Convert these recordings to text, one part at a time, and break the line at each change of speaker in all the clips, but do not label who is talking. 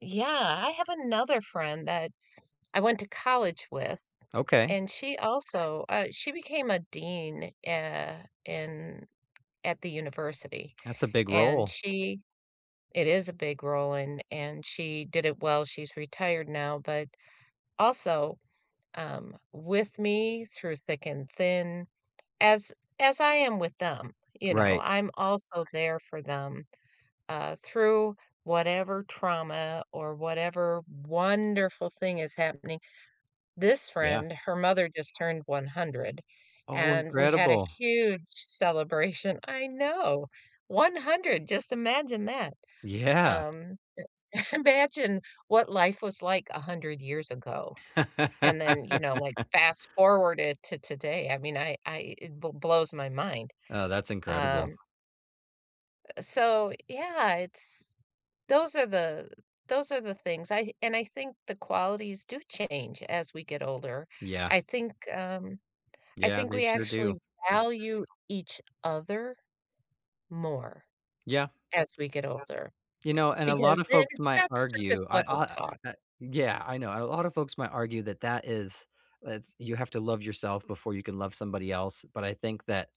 Yeah, I have another friend that I went to college with,
Okay.
and she also uh, she became a Dean, eh, in at the university,
That's a big
and
role.
she It is a big role, and and she did it well, she's retired now, but also, um, with me through thick and thin, as as I am with them, you know,
Right.
I'm also there for them, uh, through whatever trauma or whatever wonderful thing is happening. This
Yeah.
friend, her mother just turned 100,
Oh,
and we had a
incredible.
huge celebration, I know, 100, just imagine that,
Yeah.
um, imagine what life was like 100 years ago, and then, you know, like, fast-forward it to today, I mean, I I it b blows my mind.
Oh, that's
Um
incredible.
Uh, so, yeah, it's those are the those are the things, I and I think the qualities do change as we get older,
Yeah.
I think, um, I
Yeah,
think
they
we
sure do.
actually value each other more
Yeah.
as we get older.
You know, and a lot
Because
of
then
folks
it's
might
not surface
argue I
level
aw
talk.
i uh yeah, I know, a lot of folks might argue that that is that's you have to love yourself before you can love somebody else, but I think that,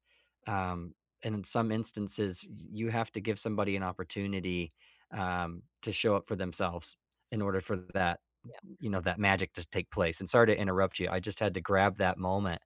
um, in some instances, y you have to give somebody an opportunity, um, to show up for themselves in order for that
Yeah.
you know, that magic to take place, and sorry to interrupt you. I just had to grab that moment.